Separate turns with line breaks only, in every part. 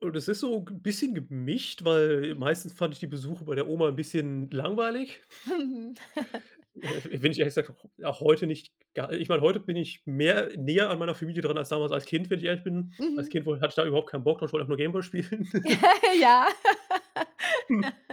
Und es ist so ge bisschen gemischt, weil
Mhm.
meistens fand ich die Besuche bei der Oma 'n bisschen langweilig.
Mhm.
[unintelligible] wenn ich ehrlich gesagt auch auch heute nicht ga ich meine, heute bin ich mehr näher an meiner Familie dran als damals als Kind, wenn ich ehrlich bin. Als
Mhm.
Kind woll hatte ich da überhaupt keinen Bock drauf, ich wollte einfach nur Game Boy spielen.
Ja,
Hm.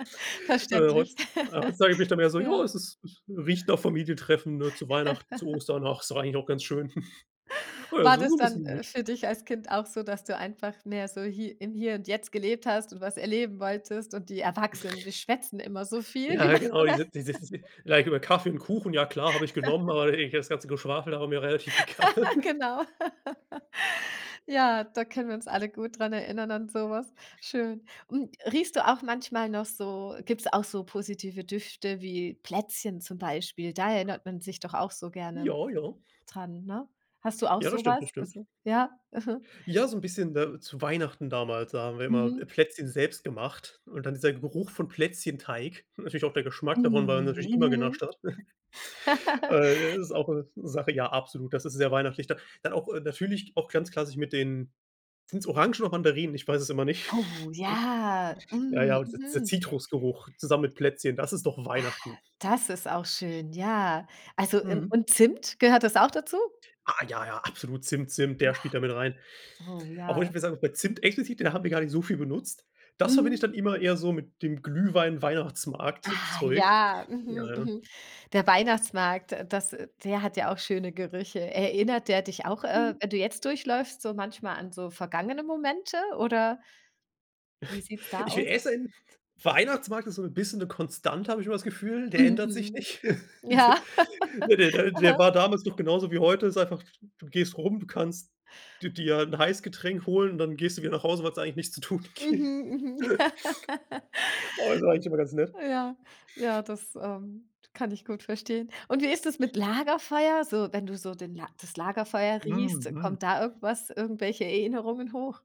Äh,
verständlich.
heutzu ah, heutzutage bin ich dann eher so: „Ja,
Ja.
es es riecht nach Familientreffen“, ne? Zu Weihnachten, zu Ostern, ach, ist eigentlich auch ganz schön. Oh ja,
War
so
das
so
dann,
bisschen
äh,
gemischt?
für dich als Kind auch so, dass du einfach mehr so hi im Hier und Jetzt gelebt hast und was erleben wolltest und die Erwachsenen, die schwätzen immer so viel, die. [unintelligible]
Ja, ja genau. Die sind [unintelligible] über Kaffee und Kuchen, ja klar, habe ich genommen, aber ey [unintelligible] das ganze Geschwafel, da war mir relativ egal.
Genau. Ja, da können wir uns alle gut dran erinnern an so was. Schön. Und, riechst du auch manchmal noch so gibt es auch so positive Düfte wie Plätzchen zum Beispiel? Da erinnert man sich doch auch so gerne
Ja, ja.
dran, ne? Hast du auch
Ja, das
so
stimmt, das
was?
stimmt.
Also ja. Mhm.
Ja, so 'n bisschen, ne, zu Weihnachten damals, da haben wir immer,
Mhm.
äh, Plätzchen selbst gemacht und dann dieser Geruch von Plätzchenteig. Natürlich auch der Geschmack davon, weil
Mm.
man natürlich immer
Mhm.
genascht hat. Äh, ja, das ist auch so 'ne Sache ja, absolut. Das ist sehr weihnachtlich. Da dann auch natürlich auch ganz klassisch mit den sind es Orangen oder Mandarinen? Ich weiß es immer nicht.
Oh, ja.
Ja,
Mm,
ja, auch di dieser
mhm.
Zitrusgeruch zusammen mit Plätzchen. Das ist doch
Ach.
Weihnachten.
Das ist auch schön. Ja, also in
Mhm.
und Zimt, gehört das auch dazu?
Ah ja, ja, absolut. Zimt, Zimt, der spielt da mit rein.
Ja. Oh,
Auch wenn
ja.
ich mir sagen muss, bei Zimt explizit, da haben wir gar nicht so viel benutzt. Das verbinde ich
Mhm.
dann immer eher so mit dem
Ah,
Glühwein-Weihnachtsmarkt-Zeug.
ja.
Ja,
Mhm,
ja.
mhm. Der Weihnachtsmarkt, äh, das der hat ja auch schöne Gerüche. Erinnert der dich auch, äh, wenn du jetzt durchläufst, so manchmal an so vergangene Momente oder wie sieht es da
Ich will
aus?
essen, Weihnachtsmarkt ist so 'n bisschen 'ne Konstante, habe ich immer das Gefühl, der ändert sich
Mhm.
nicht. De
Ja.
ne, der der der
Aha.
war damals noch genauso wie heute. Ist einfach, du gehst rum, du kannst d dir 'n Heißgetränk holen und dann gehst du wieder nach Hause, weil es da eigentlich nichts zu tun gibt.
Mhm. Mhm.
Oh, ist aber eigentlich immer ganz nett.
Ja, ja, das, ähm, kann ich gut verstehen. Und wie ist das mit Lagerfeuer? So, wenn du so den das Lagerfeuer
Hm,
riechst,
mhm.
kommt da irgendwas irgendwelche Erinnerungen hoch?